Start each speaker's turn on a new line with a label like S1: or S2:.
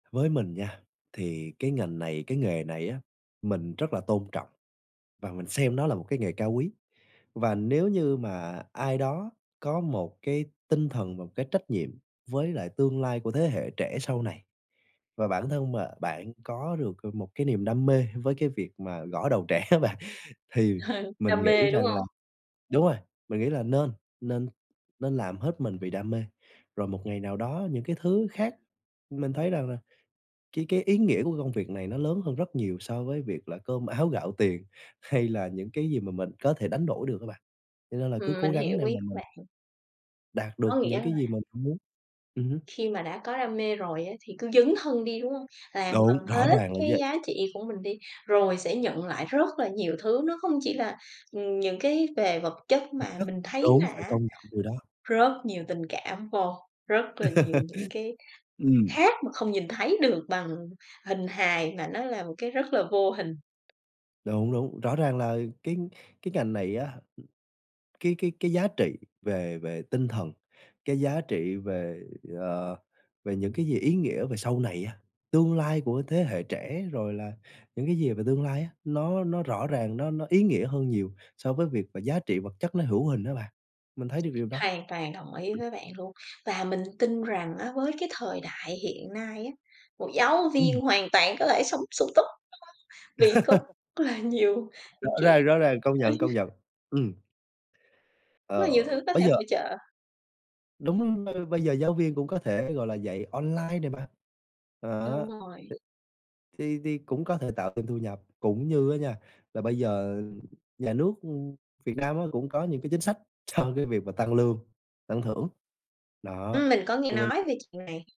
S1: Với mình nha, thì cái ngành này cái nghề này á, mình rất là tôn trọng và mình xem nó là một cái nghề cao quý, và nếu như mà ai đó có một cái tinh thần và một cái trách nhiệm với lại tương lai của thế hệ trẻ sau này, và bản thân mà bạn có được, ờ, một cái niềm đam mê với cái việc mà gõ đầu trẻ á bạn, thì mình
S2: Đam
S1: nghĩ
S2: mê, đúng
S1: rằng là
S2: hông?
S1: đúng rồi, mình nghĩ là nên nên nên làm hết mình vì đam mê, rồi một ngày nào đó những cái thứ khác, mình thấy rằng là cái cái ý nghĩa của cái công việc này nó lớn hơn rất nhiều so với việc là cơm áo gạo tiền, hay là những cái gì mà mình có thể đánh đổi được á bạn. Cho nên là cứ
S2: Ừm,
S1: cố
S2: mình
S1: gắng
S2: hiểu
S1: để
S2: ý
S1: mà
S2: của
S1: mình
S2: bạn.
S1: đạt
S2: Có
S1: được
S2: nghĩa
S1: những
S2: là
S1: cái gì mình mo muốn ừm hứm.
S2: khi mà đã có đam mê rồi á thì cứ dấn thân đi, đúng hông? Làm
S1: Đúng,
S2: bằng
S1: rõ
S2: hết
S1: ràng là
S2: cái
S1: vậy!
S2: giá trị của mình đi, rồi sẽ nhận lại rất là nhiều thứ. Nó không chỉ là, ừm, những cái về vật chất
S1: Vật
S2: mà
S1: chất
S2: mình thấy
S1: đúng,
S2: là
S1: phải
S2: á,
S1: công nhận điều đó!
S2: rất nhiều tình cảm vô, rất là nhiều những cái
S1: Ừm.
S2: khác mà không nhìn thấy được bằng hình hài, mà nó là một cái rất là vô hình.
S1: Đúng đúng, rõ ràng là cái cái ngành này á, cái cái cái giá trị về về tinh thần, cái giá trị về, ờ, về những cái gì ý nghĩa về sau này á, tương lai của thế hệ trẻ, rồi là những cái gì về tương lai á, nó nó rõ ràng nó nó ý nghĩa hơn nhiều so với việc mà giá trị vật chất nó hữu hình á bạn, mình thấy được điều đó.
S2: Hoàn toàn đồng ý với bạn luôn. Và mình tin rằng á với cái thời đại hiện nay á, một giáo viên
S1: Ừm.
S2: hoàn toàn có thể sống sung túc [unintelligible] vì cóc là nhiều
S1: Rõ
S2: những trẻ
S1: ràng, rõ ràng, công nhận, công nhận, ừm.
S2: Nó
S1: Ờ,
S2: nhiều thứ có thể
S1: bây giờ
S2: hỗ trợ.
S1: đúng, ơ, bây giờ giáo viên cũng có thể, gọi là, dạy online này mà, á,
S2: Đúng rồi.
S1: thì thì cũng có thể tạo thêm thu nhập. Cũng như á nha, là bây giờ nhà nước, ư, Việt Nam á, cũng có những cái chính sách cho cái việc mà tăng lương, tăng thưởng. Đó,
S2: Ừm, mình có nghe
S1: thì mình
S2: nói về chuyện này.